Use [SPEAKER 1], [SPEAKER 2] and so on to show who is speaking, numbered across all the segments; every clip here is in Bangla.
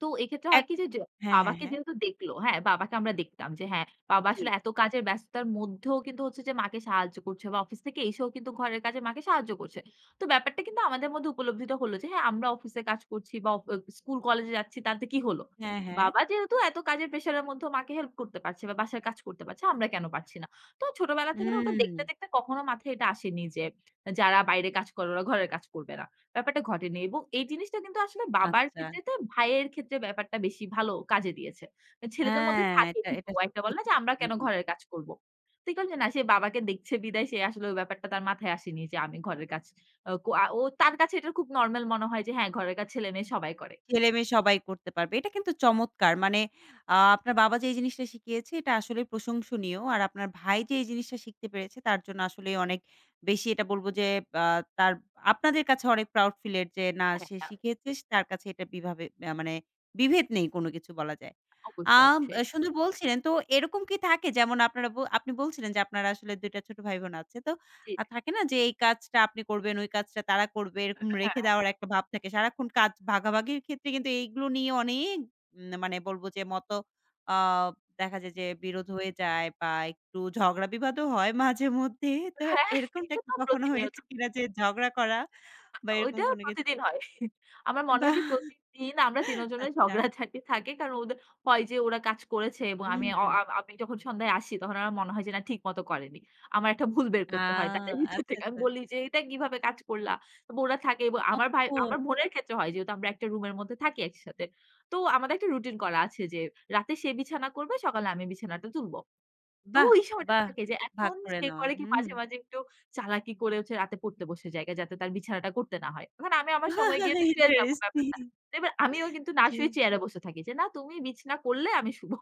[SPEAKER 1] তো এক্ষেত্রে
[SPEAKER 2] এক
[SPEAKER 1] হয় কি যে, য
[SPEAKER 2] হ্যা, হ্যা,
[SPEAKER 1] বাবাকে
[SPEAKER 2] হ্যা।
[SPEAKER 1] যেহেতু দেখল, হ্যা, বাবাকে আমরা দেখতাম যে হ্যা, বাবা
[SPEAKER 2] জি।
[SPEAKER 1] আসলে এত কাজের ব্যস্ততার মধ্যেও কিন্তু হচ্ছে যে মাকে সাহায্য করছে। বা অফিস থেকে এসেও কিন্তু ঘরের কাজে মাকে সাহায্য করছে। তো ব্যাপারটা কিন্তু আমাদের মধ্যে উপলব্ধিত হল যে হ্যা, আমরা অফিসে কাজ করছি বা অ স্কুল কলেজে যাচ্ছি তাতে কি হল?
[SPEAKER 2] হ্যা, হ্যা।
[SPEAKER 1] বাবা যেহেতু এত কাজের প্রেশার এর মধ্যেও মাকে হেল্প করতে পারছে বা বাসায় কাজ করতে পারছে আমরা কেন পারছি না? তো ছোটবেলা থেকে ওটা দেখতে,
[SPEAKER 2] হুম।
[SPEAKER 1] দেখতে, কখনো মাথায় এটা আসেনি যে যারা বাইরে কাজ করে ওরা ঘরের কাজ করবে না। ব্যাপারটা ঘটেনি। এবং এই জিনিসটা কিন্তু আসলে বাবার
[SPEAKER 2] আচ্ছা।
[SPEAKER 1] ক্ষেত্রে তা ভাইয়ের ক্ষেত্রে ব্যাপারটা বেশি ভালো কাজে দিয়েছে।
[SPEAKER 2] হ্যা,
[SPEAKER 1] ছেলেদের মধ্যে থাকে
[SPEAKER 2] এটা,
[SPEAKER 1] কিন্তু
[SPEAKER 2] এটা,
[SPEAKER 1] একটা বলে
[SPEAKER 2] ঠিক
[SPEAKER 1] না যে, আমরা
[SPEAKER 2] বলেছেন
[SPEAKER 1] কেন
[SPEAKER 2] জি।
[SPEAKER 1] ঘরের কাজ করব? [unintelligible] না সে বাবাকে দেখছে বিদায় সে আসলে ওই ব্যাপারটা তার মাথায় আসেনি যে, আমি ঘরের কাজ। আ কো আ ও তার কাছে এটা খুব নরমাল মনে হয় যে হ্যা ঘরের কাজ ছেলেমেয়ে সবাই করে।
[SPEAKER 2] ছেলেমেয়ে সবাই করতে পারবে। এটা কিন্তু চমৎকার। মানে আ আপনার বাবা যে এই জিনিসটা শিখিয়েছে এটা আসলে প্রশংসনীয়। আর আপনার ভাই যে এই জিনিসটা শিখতে পেরেছে তার জন্য আসলেই অনেক বেশি এটা বলবো যে আ তার আপনাদের কাছে অনেক proud feel এর যে না
[SPEAKER 1] হ্যা,
[SPEAKER 2] সে
[SPEAKER 1] তা।
[SPEAKER 2] শিখিয়েছেস তার কাছে এটা কিভাবে আ মানে বিভেদ নেই কোন কিছু বলা যায়। আ
[SPEAKER 1] অবশ্যই, অবশ্যই।
[SPEAKER 2] সুন্দর বলছিলেন তো এরকম কি থাকে যেমন আপনারা ব আপনি বলছিলেন যে আপনার আসলে ২ টা ছোট ভাই বোন আছে। তো আ
[SPEAKER 1] চিট,
[SPEAKER 2] থাকে না যে এই কাজটা আপনি করবেন, ওই কাজটা তারা করবে।
[SPEAKER 1] হ্যা,
[SPEAKER 2] এরকম রেখে
[SPEAKER 1] হ্যা।
[SPEAKER 2] দেওয়ার একটা ভাব থাকে। সারাক্ষণ কাজ ভাগাভাগির ক্ষেত্রে কিন্তু এগুলো নিয়ে অনেক না মানে বলবো যে মত আ দেখা যায় যে, বিরোধ হয়ে যায় বা একটু ঝগড়া বিবাদও হয় মাঝেমধ্যেই তো
[SPEAKER 1] হ্যা
[SPEAKER 2] এরকমটা
[SPEAKER 1] এটা
[SPEAKER 2] কি
[SPEAKER 1] তো
[SPEAKER 2] কখনো
[SPEAKER 1] প্রতিনিয়ত।
[SPEAKER 2] হয়েছে কিনা? যে ঝগড়া করা বা এরকম
[SPEAKER 1] ঐটা
[SPEAKER 2] কোনো কিছু?
[SPEAKER 1] প্রতিদিন হয়। আমার মনে হয়
[SPEAKER 2] বাহ!
[SPEAKER 1] যে প্রতিদিন আমরা ৩ জনের
[SPEAKER 2] আচ্ছা।
[SPEAKER 1] ঝগড়াঝাটি থাকে। কারণ ওদের হয় যে, ওরা কাজ করেছে এবং
[SPEAKER 2] হুম,
[SPEAKER 1] আমি অ
[SPEAKER 2] হুম।
[SPEAKER 1] আ আমি যখন সন্ধ্যায় আসি তখন আমার মনে হয় যে না ঠিক মত করেনি। আমার একটা ভুল বের
[SPEAKER 2] আ
[SPEAKER 1] করতে হয়। তাদের ভিতর
[SPEAKER 2] আচ্ছা,
[SPEAKER 1] থেকে আমি
[SPEAKER 2] আচ্ছা।
[SPEAKER 1] বলি যে এইটা কিভাবে কাজ করলা? এব ওরা থাকে এবং আমার ভাই, আমার
[SPEAKER 2] ওহো!
[SPEAKER 1] বোনের ক্ষেত্রে হয় যেহেতু আমরা একটা রুম এর মধ্যে থাকি একসাথে। তো আমাদের একটা রুটিন করা আছে যে রাতে সে বিছানা করবে সকালে আমি বিছানাটা তুলব। তো
[SPEAKER 2] বাহ!
[SPEAKER 1] ওই সময়টা
[SPEAKER 2] বাহ!
[SPEAKER 1] থাকে যে
[SPEAKER 2] ভাগ
[SPEAKER 1] এখন
[SPEAKER 2] করে
[SPEAKER 1] সে
[SPEAKER 2] নেওয়া।
[SPEAKER 1] করে কি
[SPEAKER 2] হুম।
[SPEAKER 1] মাঝে, মাঝে, একটু চালাকি করে হচ্ছে রাতে পড়তে বসে জায়গা। যাতে তার বিছানাটা করতে না হয়। এখন আমি আমার সময় গিয়ে তো শুয়ে যাবো
[SPEAKER 2] ইন্টারেস্টিং।
[SPEAKER 1] ব্যাপারটা। তো এবার আমিও কিন্তু না
[SPEAKER 2] জি
[SPEAKER 1] শুয়ে চেয়ারে বসে থাকি যে, না তুমি বিছানা করলে আমি শুবো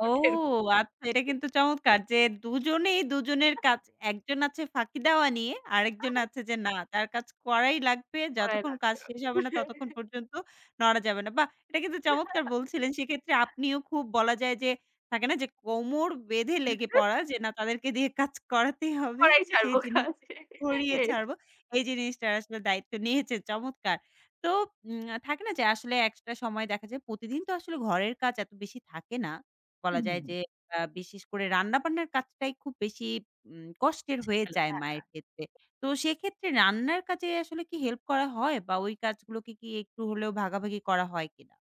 [SPEAKER 2] ও
[SPEAKER 1] এরকম
[SPEAKER 2] আচ্ছা। এটা কিন্তু চমৎকার যে দুজনেই দুজনের
[SPEAKER 1] [unintelligible]
[SPEAKER 2] কাজ। একজন আছে ফাঁকি দেওয়া নিয়ে আরেকজন
[SPEAKER 1] [unintelligible]
[SPEAKER 2] আছে যে না তার কাজ করাই লাগবে।
[SPEAKER 1] কড়াই
[SPEAKER 2] যতক্ষণ কাজ
[SPEAKER 1] লাগবে
[SPEAKER 2] শেষ
[SPEAKER 1] আজো
[SPEAKER 2] হবে না ততক্ষণ পর্যন্ত নড়া যাবে না। বাহ! এটা কিন্তু চমৎকার বলছিলেন সেক্ষেত্রে আপনিও খুব বলা যায় যে, থাকে না যে কোমর বেঁধে লেগে পড়া। যে না তাদেরকে দিয়ে কাজ করাতেই হবে
[SPEAKER 1] কড়াই
[SPEAKER 2] সেই
[SPEAKER 1] ছাড়বো
[SPEAKER 2] জিনি
[SPEAKER 1] কাজ
[SPEAKER 2] কড়িয়ে
[SPEAKER 1] হ্যাঁ।
[SPEAKER 2] ছাড়বো। এই জিনিসটা আসলে দায়িত্ব নিয়েছে চমৎকার। তো উম থাকে না যে আসলে একটা সময় দেখা যায়। প্রতিদিন তো আসলে ঘরের কাজ এত বেশি থাকে না।
[SPEAKER 1] হু,
[SPEAKER 2] বলা যায়
[SPEAKER 1] হু।
[SPEAKER 2] যে, আ বিশেষ করে রান্নাবান্নার কাজটাই খুব বেশি কষ্টের হয়ে
[SPEAKER 1] জামেলা
[SPEAKER 2] যায়
[SPEAKER 1] হ্যাঁ,
[SPEAKER 2] মায়ের ক্ষেত্রে।
[SPEAKER 1] আ
[SPEAKER 2] তো সেক্ষেত্রে রান্নার কাজে আসলে কি হেল্প করা হয় বা ওই কাজগুলোকে কি একটু হলেও ভাগাভাগি করা হয় কিনা?